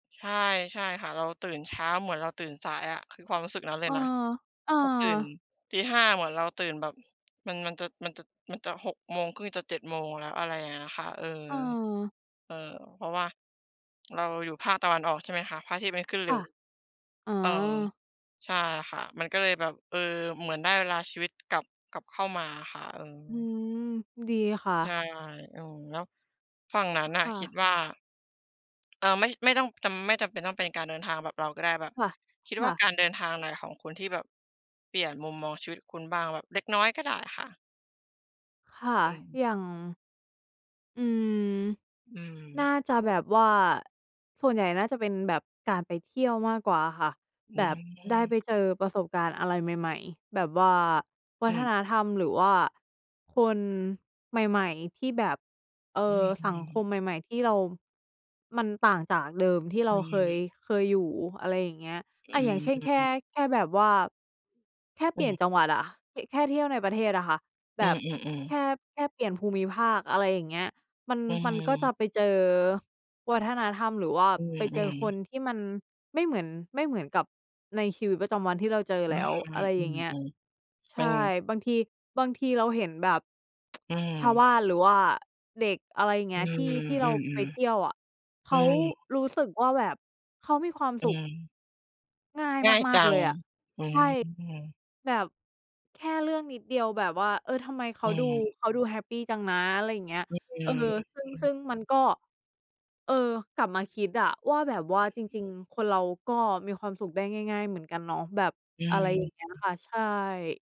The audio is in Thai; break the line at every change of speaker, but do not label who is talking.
ใช่ ใช่ค่ะ เราตื่นเช้า เหมือนเราตื่นสายอะ คือความรู้สึกนั้นเล
เอ
ย
อ
นะ
เออ
ปก ตื่น 05:00 เหมือนเราตื่นแบบ มัน มันจะ มันจะ มันจะ 06:30 จะ 07:00 แล้ว อะไรเงี้ยค่ะ เออ
เออ
เออ เพราะว่า เราอยู่ภาคตะวันออก ใช่ไหมคะ พระอาทิตย์มันขึ้นเ
ค
ร็
่ะ
ว
อ๋อ
เออ ใช่ค่ะ มันก็เลยแบบ เออ เหมือนได้เวลาชีวิตกลับ กลับเข้ามาอะค่ะ อื
อื
อ
ม ดีค่
ใช
ะ
่ เออ แล้วฝั่งนั้
อ
นน่
ค
ะ
่
คิด
ะ
ว่า เออ ไม่ ไม่ต้องจำ ไม่จำเป็นต้องเป็นการเดินทางแบบเราก็ได้ แบบ
ค่ะ
คิด
ค
ว
่
่า
ะ
การเดินทางไหนของคุณที่แบบเปลี่ยนมุมมองชีวิตคุณบ้าง? แบบเล็กน้อยก็ได้ค่ะ
ค่ะ
อืม
อย่าง อืม
อื
น่า
ม
จะแบบว่า ส่วนใหญ่น่าจะเป็นแบบการไปเที่ยวมากกว่าอะค่ะ
อื
แบบได้
ม
ไปเจอประสบการณ์อะไรใหม่ ๆ แบบว่าว
อ
ั
ื
ฒ
ม
นธรรมหรือว่าคนใหม่ ๆ ที่แบบ เอ่
อื
อ สังค
ม
มใหม่ ๆ ที่เรา มันต่างจากเดิมที่เร
อ
า
ื
เคย
ม
เคยอยู่ อะไรอย่างเงี้ย
อื
อา อย่างเช่น แค่
ม
แค่แบบว่า แค่
อ
เป
ื
ลี่
ม
ยนจังหวัดอะ ค แค่เที่ยวในประเทศอะค่ะ แ
อ
บ
ื
บ
อ
แค
ๆ ๆ
่ แค่เปลี่ยนภูมิภาค อะไรอย่างเงี้ย มัน
อื
มันก็จะ
ม
ไปเจอวัฒนธรรม หรือว่า
อื
ไปเจอ
ม
ค
ๆ
นที่มันไม่เหมือน ไม่เหมือนกับในชีวิตประจำวันที่เราเจอ
อื
แล้ว อะ
ม
ไร
อื
อย่างเงี้ย
ม ๆ
ใ
เ
ช
ป็น
่ บางที บางทีเราเห็นแบบ
อื
ชาวบ
ม
้าน หรือว่าเด็ก อะไรอย่างเง
อื
ี้ย ที่
อ
ที่
อ
เ
ื
ราไป
อ
เที่ยวอะ เ
ๆ
ข
อื
า
ม
รู้สึกว่าแบบ เขามีความ
อื
สุข
ม
ง่าย
ง่าย
ม
จ
า
ั
ก ๆ เล
ง
ยอะ
อื
ใช่
ม
แบบแค่เรื่องนิดเดียวแบบว่า "เออ ทำไมเข
อ
า
ื
ดู
ม
เขาดูแฮปปีจังนะ?" อะไรอย่างเงี้ย
ฮ อื
เออ
ม
ซึ่
อ
ง
ืม
ซึ่งมันก็ เออ กลับมาคิดอะว่าแบบว่า
อ
"จ
ื
ร
อ
ิง ๆ คนเราก็มีความสุขได้ง่าย ๆ เหมือนกันเนาะ" แบบ
อื
อะไ
ม
ร อย่างเงี้ย
อ
ค่ะ ใช่